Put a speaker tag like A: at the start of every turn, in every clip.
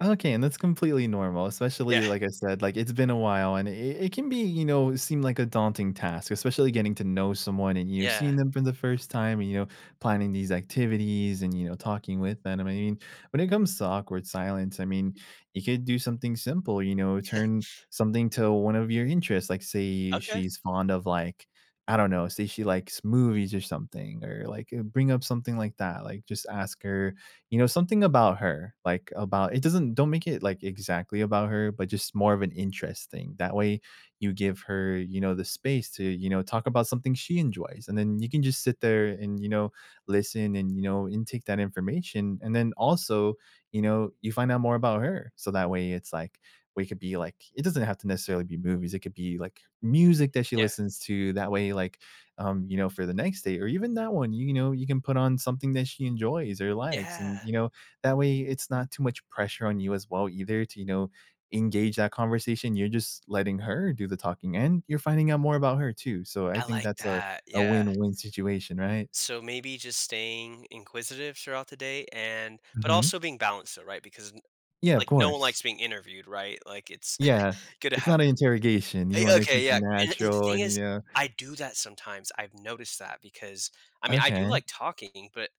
A: Okay, and that's completely normal,
B: Yeah.
A: especially, like I said, like, it's been a while, and it it can be, you know, seem like a daunting task, especially getting to know someone and you've
B: Yeah.
A: seen them for the first time and, you know, planning these activities and, you know, talking with them and, I mean, when it comes to awkward silence, I mean, you could do something simple, you know, turn something to one of your interests, like, say,
B: Okay.
A: she's fond of, like, I don't know, say she likes movies or something or, like, bring up something like that, like, just ask her, you know, something about her, like, about it doesn't don't make it, like, exactly about her, but just more of an interest thing, that way, you give her, you know, the space to, you know, talk about something she enjoys, and then you can just sit there and, you know, listen and, you know, intake that information, and then also, you know, you find out more about her, so that way it's like we could be like, it doesn't have to necessarily be movies, it could be, like, music that she
B: Yeah.
A: listens to, that way, like, um, you know, for the next date or even that one, you know, you can put on something that she enjoys or likes,
B: Yeah.
A: and, you know, that way, it's not too much pressure on you as well either to, you know, engage that conversation, you're just letting her do the talking, and you're finding out more about her too, so I
B: I
A: think
B: like
A: that's a
B: that,
A: a
B: yeah.
A: win-win situation, right?
B: So maybe just staying inquisitive throughout the day and but
A: Mhm.
B: also being balanced, though, right, because n
A: Yeah, of
B: like, no one
A: course.
B: likes being interviewed, right, like, it's
A: Yeah,
B: good to
A: it's
B: have
A: not a interrogation, you
B: a
A: wanna keep
B: okay, yeah,
A: it
B: a and the
A: natural
B: thing
A: and, you
B: is,
A: know.
B: I do that sometimes, I've noticed that because, I mean, I do
A: Okay.
B: like talking, but,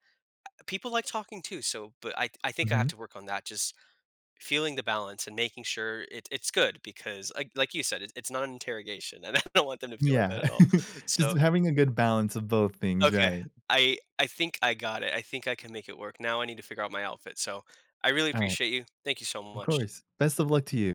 B: uh, people like talking too, so, but I I think I have
A: Mhm.
B: to work on that just feeling the balance and making sure it it's good because, like like you said, it's it's not an interrogation, and I don't want them to feel like
A: Yeah,
B: that at all,
A: just
B: so
A: having a good balance of both things,
B: Okay,
A: right.
B: I I think I got it, I think I can make it work, now I need to figure out my outfit, so I really
A: Alright.
B: appreciate you, thank you so
A: Of
B: much.
A: course, best of luck to you.